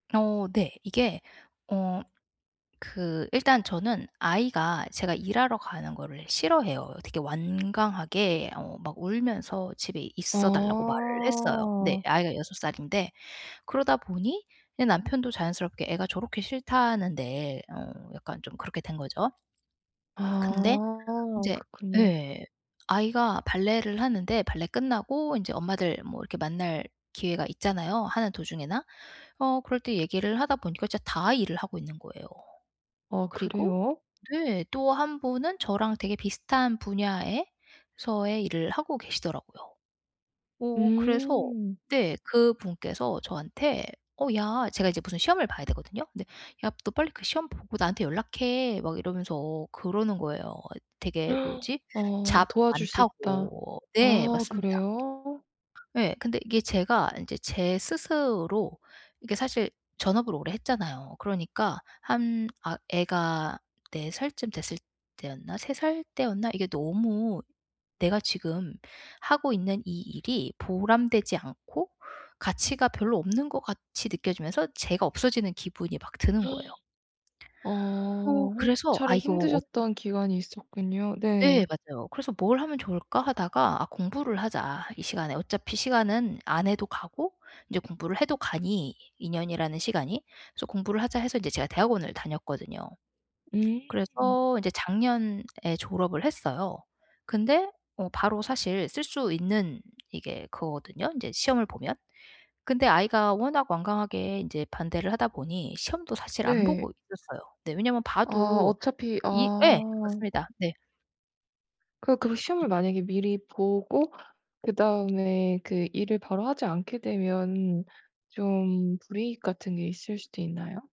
어 네. 이게 어 그 일단 저는 아이가 제가 일하러 가는 거를 싫어해요. 되게 완강하게 어 막 울면서 집에 있어 달라고 말을 했어요. 네. 어. 아이가 6 살인데 그러다 보니 예 남편도 자연스럽게 "애가 저렇게 싫다는데." 어 약간 좀 그렇게 된 거죠. 근데 아 인제 그렇군요. 예. 아이가 발레를 하는데 발레 끝나고 이제 엄마들 뭐 이렇게 만날 기회가 있잖아요, 하는 도중에나. 어 그럴 때 얘기를 하다 보니까 진짜 다 일을 하고 있는 거예요. 아 그리고 그래요? 네. 또 1 분은 저랑 되게 비슷한 분야에서의 일을 하고 계시더라고요. 어 그래서 음. 네. 그분께서 저한테 "어 야." 제가 이제 무슨 시험을 봐야 하거든요. 근데 "야, 너 빨리 그 시험 보고 나한테 연락해." 막 이러면서 그러는 거예요. 되게 뭐지? 어 잡 도와줄 수 있다. 많다고. 네. 아 맞습니다. 그래요? 예. 근데 이게 제가 이제 제 스스로 이게 사실 전업을 오래 했잖아요. 그러니까 한 아 애가 4 살쯤 됐을 때였나? 3 살 때였나? 이게 너무 내가 지금 하고 있는 이 일이 보람되지 않고 가치가 별로 없는 것 같이 느껴지면서 제가 없어지는 기분이 막 드는 거예요. 아 어 1 그래서 아 차례 이거 어 힘드셨던 기간이 있었군요. 네. 네. 맞아요. 그래서 '뭘 하면 좋을까?' 하다가 '아 공부를 하자. 이 시간에.' 어차피 시간은 안 해도 가고 이제 공부를 해도 가니, 2 년이라는 시간이. 그래서 '공부를 하자.' 해서 이제 제가 대학원을 다녔거든요. 음. 그래서 이제 작년에 졸업을 했어요. 근데 바로 사실 쓸 수 있는 이게 그거거든요, 이제 시험을 보면. 근데 아이가 워낙 완강하게 이제 반대를 하다 보니 시험도 사실 안 보고 네. 있었어요. 네. 왜냐면 아. 봐도 어차피 이 예. 아. 맞습니다. 네. 그 그래서 시험을 [unintelligible] 만약에 미리 보고 그다음에 그 일을 바로 하지 않게 되면 좀 불이익 같은 게 있을 수도 있나요?